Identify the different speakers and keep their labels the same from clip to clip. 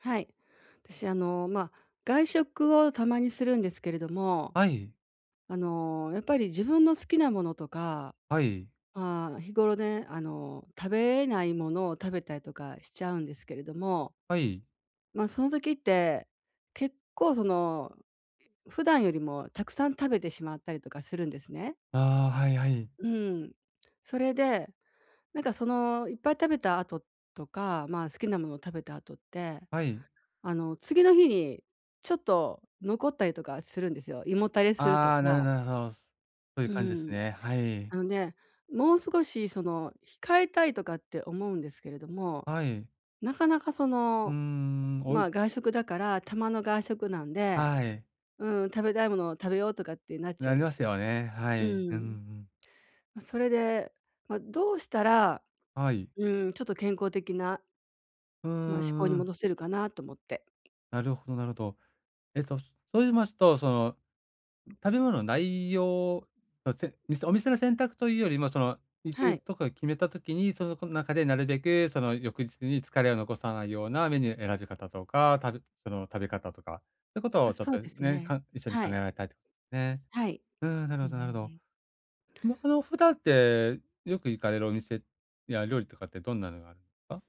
Speaker 1: はい。私、あの、ま、外食をたまにするんですけれども、
Speaker 2: はい。
Speaker 1: あの、やっぱり自分の好きなものとか、
Speaker 2: はい。
Speaker 1: ああ、日頃ね、あの、食べれないものを食べたりとかしちゃうんですけれども。
Speaker 2: はい。
Speaker 1: ま、その時って、結構、その、普段よりもたくさん食べてしまったりとかするんですね。
Speaker 2: ああ、はいはい。
Speaker 1: うん、それで、なんか、その、いっぱい食べた後とか、まあ、好きなものを食べた後って、
Speaker 2: はい。
Speaker 1: あの、次の日にちょっと残ったりとかするんですよ。胃もたれすると
Speaker 2: ああ、なるほ
Speaker 1: か。
Speaker 2: どなるほど。そういう
Speaker 1: う
Speaker 2: 感じです
Speaker 1: ん。
Speaker 2: ね。はい。
Speaker 1: あのね、もう少し、その、控えたいとかって思うんですけれども、
Speaker 2: はい。
Speaker 1: なかなか、そ
Speaker 2: うー
Speaker 1: の、
Speaker 2: ん、お
Speaker 1: ま
Speaker 2: い
Speaker 1: あ、外食だから、たまの外食なんで、
Speaker 2: はい。
Speaker 1: うーん、食べたいものを食べようとかってなっちゃ
Speaker 2: な
Speaker 1: うん
Speaker 2: り
Speaker 1: で
Speaker 2: ま
Speaker 1: す
Speaker 2: す
Speaker 1: よ。
Speaker 2: よね。は
Speaker 1: う
Speaker 2: い。
Speaker 1: ー
Speaker 2: うんうんう
Speaker 1: ん。
Speaker 2: ん。
Speaker 1: ま、それで、ま、どうしたら、
Speaker 2: はい。
Speaker 1: うーん、ちょっと健康的な
Speaker 2: うー
Speaker 1: まあ、嗜好に
Speaker 2: ん、うん。
Speaker 1: 戻せるかなと思って。
Speaker 2: なるほどなるほど。えっと、と言いますと、その、食べ物の内容の点店お店の選択というよりも、その、行
Speaker 1: は
Speaker 2: く
Speaker 1: い。
Speaker 2: とこを決めた時に、その、そ中でなるべく、その、翌日に疲れを残さないようなメニュー選び方とか、たるその、食べ方とか。そういうこと
Speaker 1: ま、
Speaker 2: をちょっ
Speaker 1: そう
Speaker 2: と
Speaker 1: です
Speaker 2: ね、
Speaker 1: ね。
Speaker 2: か一緒に
Speaker 1: は
Speaker 2: 考え
Speaker 1: い。
Speaker 2: られたい、ね。
Speaker 1: はい。
Speaker 2: うーん、なる
Speaker 1: う
Speaker 2: ほ
Speaker 1: んう
Speaker 2: ど
Speaker 1: ん
Speaker 2: なるほ
Speaker 1: う
Speaker 2: ど。
Speaker 1: ん。
Speaker 2: まあ、その普段って、よく行かれるお店や料理とかってどんなのがあるんすか？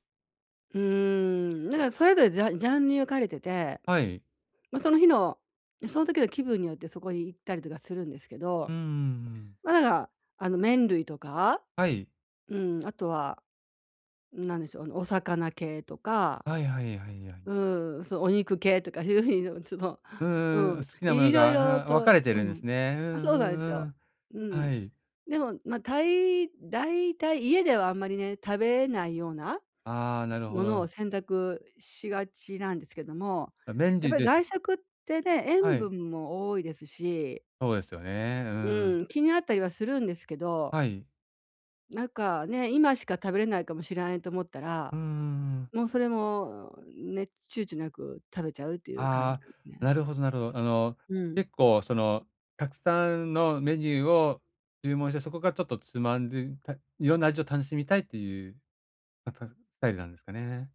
Speaker 1: うーん。だからそれぞれジャジャンに分かれてて、
Speaker 2: はい。
Speaker 1: ま、その日のその時の気分によって、そこに行ったりとかするんですけど、
Speaker 2: うんうんうん。
Speaker 1: ま、だから、あの、麺類とか
Speaker 2: はい。
Speaker 1: うん、あとは、なんでしょう、あの、お魚系とか
Speaker 2: はいはいはいはい。
Speaker 1: うん、そうお肉系とか、そういう風に [unintelligible]
Speaker 2: うー
Speaker 1: う
Speaker 2: ん、
Speaker 1: ん、
Speaker 2: 好きなもの
Speaker 1: 色々
Speaker 2: が、うん、分か
Speaker 1: と
Speaker 2: れて
Speaker 1: う
Speaker 2: るんです
Speaker 1: ん。
Speaker 2: ね。う
Speaker 1: あ、
Speaker 2: ん
Speaker 1: そ
Speaker 2: う
Speaker 1: うなんです
Speaker 2: んう
Speaker 1: よ。
Speaker 2: ん。
Speaker 1: うん。
Speaker 2: はい。
Speaker 1: でも、ま、たい大体、家ではあんまりね、食べれないような
Speaker 2: ああ、なるほ
Speaker 1: ものを
Speaker 2: ど。
Speaker 1: 選択しがちなんですけども、
Speaker 2: じゃ、麺
Speaker 1: やっ
Speaker 2: 類
Speaker 1: ぱり
Speaker 2: でし
Speaker 1: 外食ってね、
Speaker 2: は
Speaker 1: 塩
Speaker 2: い。
Speaker 1: 分も多いですし。
Speaker 2: そうですよね。うー
Speaker 1: う
Speaker 2: ん。
Speaker 1: ん、気になったりはするんですけど。
Speaker 2: はい。
Speaker 1: なんかね、今しか食べれないかもしれないと思った
Speaker 2: う
Speaker 1: ら、
Speaker 2: んうんうん。
Speaker 1: もうそれも、ね、躊躇なく食べちゃうっていう感じで
Speaker 2: あ
Speaker 1: す
Speaker 2: あ、
Speaker 1: ね。
Speaker 2: なるほどなるほど。あの、
Speaker 1: うん。
Speaker 2: 結構、その、たくさんのメニューを注文して、そこからちょっとつまんでたいろんな味を楽しみたいっていう、ま、たスタイルなんですかね。